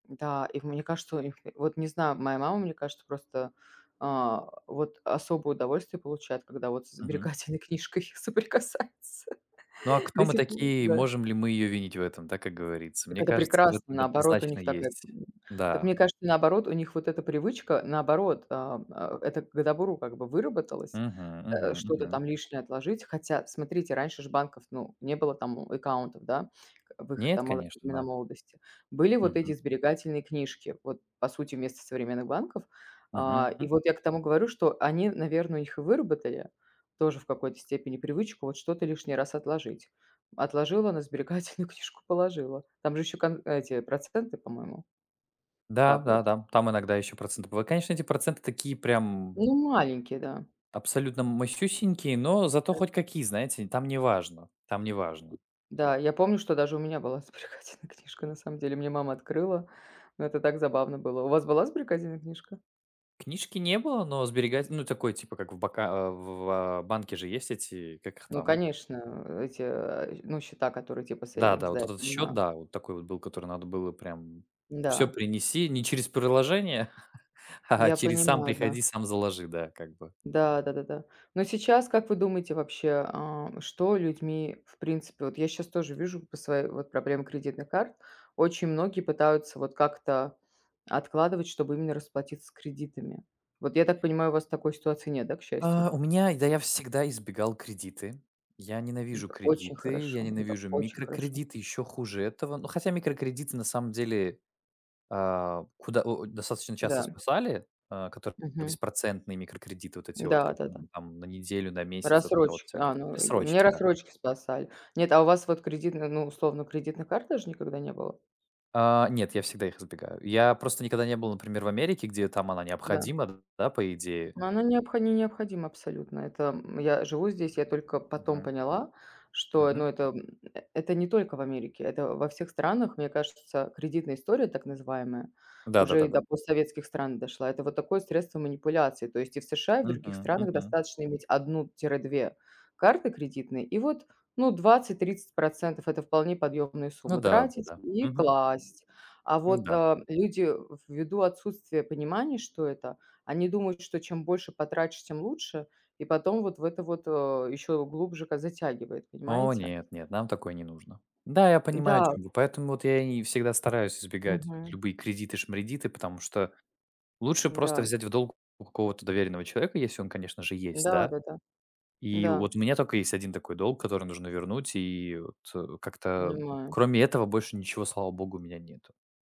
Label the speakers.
Speaker 1: Да, и в мне кажется, у них вот не знаю, моя мама, мне кажется, просто, э, вот особое удовольствие получает, когда вот с
Speaker 2: Мгм.
Speaker 1: сберегательной книжкой соприкасается.
Speaker 2: Ну а кто
Speaker 1: До
Speaker 2: мы
Speaker 1: сих пор,
Speaker 2: такие?
Speaker 1: да.
Speaker 2: Можем ли мы ее винить в этом? Да? Как говорится,
Speaker 1: Так
Speaker 2: мне
Speaker 1: это
Speaker 2: кажется в
Speaker 1: прекрасно,
Speaker 2: этом д
Speaker 1: наоборот, у
Speaker 2: однозначно
Speaker 1: них так э
Speaker 2: есть.
Speaker 1: Так
Speaker 2: Да.
Speaker 1: мне кажется, наоборот, у них вот эта привычка, наоборот, э, э, это к добру как бы выработалось,
Speaker 2: Мгм,
Speaker 1: э,
Speaker 2: мгм,
Speaker 1: что-то
Speaker 2: мгм.
Speaker 1: там лишнее отложить. Хотя, смотрите, раньше ж банков, ну, не было там у аккаунтов, да, в их
Speaker 2: Нет,
Speaker 1: там моло
Speaker 2: конечно.
Speaker 1: времена
Speaker 2: Да.
Speaker 1: молодости. Были вот
Speaker 2: Мгм.
Speaker 1: эти сберегательные книжки, вот по сути вместо современных банков. Э. И
Speaker 2: Мгм.
Speaker 1: вот я к тому говорю, что они, наверное, у них и выработали тоже в какой-то степени привычку вот что-то лишний раз отложить. Отложила, на сберегательную книжку положила. Там же еще кон эти проценты, по-моему
Speaker 2: Да, да,
Speaker 1: капают.
Speaker 2: да. Там иногда еще проценты быв конечно, эти проценты такие прям
Speaker 1: Ну, маленькие, да.
Speaker 2: абсолютно масюсенькие, но зато хоть
Speaker 1: [unintelligible]
Speaker 2: какие, знаете, там неважно там неважно.
Speaker 1: Да, я помню, что даже у меня была сберегательная книжка на самом деле, мне мама открыла, но это так забавно было. У вас была сберегательная книжка?
Speaker 2: Книжки не было, но сберегать ну, такой типа, как в бока в в, а, банке же есть эти, как их
Speaker 1: Ну
Speaker 2: там?
Speaker 1: конечно, эти, э, ну, счета, которые типа
Speaker 2: Да-да,
Speaker 1: сейвингс,
Speaker 2: вот
Speaker 1: да, я
Speaker 2: этот счет,
Speaker 1: понимаю.
Speaker 2: да, вот такой вот был, который надо было прям всё
Speaker 1: Да.
Speaker 2: принеси не через приложение, а
Speaker 1: Я
Speaker 2: через "сам
Speaker 1: понимаю, да.
Speaker 2: приходи, сам заложи", да, как бы.
Speaker 1: Да, да-да-да. Но сейчас, как вы думаете вообще, э, что людьми в принципе Вот я щас тоже вижу по своей вот проблемы кредитных карт. Очень многие пытаются вот как-то откладывать, чтобы именно расплатиться с кредитами. Вот я так понимаю, у вас такой ситуации нет, да, к счастью?
Speaker 2: А. У меня Да я всегда избегал кредиты. Я ненавижу
Speaker 1: Это очень
Speaker 2: кредиты, я
Speaker 1: хорошо это
Speaker 2: ненавижу
Speaker 1: очень хорошо.
Speaker 2: микроредиты- еще хуже этого. Ну, хотя микрокредиты на самом деле, а, куда о, достаточно часто
Speaker 1: Да.
Speaker 2: спасали, э, которые
Speaker 1: Мгм.
Speaker 2: беспроцентные микрокредиты вот эти вот, как,
Speaker 1: Да-да-да.
Speaker 2: м, там на неделю, на месяц, вот это вот
Speaker 1: Рассрочки.
Speaker 2: всякое
Speaker 1: А,
Speaker 2: такое.
Speaker 1: ну, й мне
Speaker 2: Бессрочки, да.
Speaker 1: рассрочки спасали. Нет, а у вас вот кредитных, ну, условно кредитных карт даже никогда не было?
Speaker 2: А. Нет, я всегда их избегаю. Я просто никогда не был, например, в Америке, где там она
Speaker 1: Да.
Speaker 2: необходима, да, по идее.
Speaker 1: Но она необхо не необходима абсолютно. Это, м Я живу здесь, я только потом
Speaker 2: Мгм.
Speaker 1: поняла, что,
Speaker 2: Мгм.
Speaker 1: ну, это это не только в Америке, это во всех странах, мне кажется, кредитная история так называемая
Speaker 2: Да да
Speaker 1: уже
Speaker 2: да
Speaker 1: и
Speaker 2: да.
Speaker 1: до постсоветских стран дошла. Это вот такое средство манипуляции, то есть и в США, и в других
Speaker 2: Мгм,
Speaker 1: странах
Speaker 2: мгм.
Speaker 1: достаточно иметь 1-2 карты кредитные, и вот, ну, 20-30 %- это вполне подъемная
Speaker 2: Ну
Speaker 1: сумма
Speaker 2: да,
Speaker 1: тратить
Speaker 2: да-да.
Speaker 1: и
Speaker 2: Мгм.
Speaker 1: класть. А
Speaker 2: Ну
Speaker 1: вот,
Speaker 2: да.
Speaker 1: э, люди, ввиду отсутствия понимания, что это, они думают, что чем больше потратишь, тем лучше, и потом вот в это вот, э, еще глубже как затягивает,
Speaker 2: О
Speaker 1: понимаете?
Speaker 2: нет, нет, нам такое не нужно. Да, я понимаю, о
Speaker 1: Да.
Speaker 2: чём вы, поэтому вот я и всегда стараюсь избегать вот
Speaker 1: Мгм.
Speaker 2: любые кредиты-шмредиты, потому что лучше
Speaker 1: Да,
Speaker 2: просто
Speaker 1: м.
Speaker 2: взять в долг у какого-то доверенного человека, если он, конечно же, есть, да.
Speaker 1: Да-да-да.
Speaker 2: И
Speaker 1: Да.
Speaker 2: вот у меня только есть 1 такой долг, который нужно вернуть, и вот как-то
Speaker 1: Понимаю.
Speaker 2: кроме этого больше ничего, слава богу, у меня нету.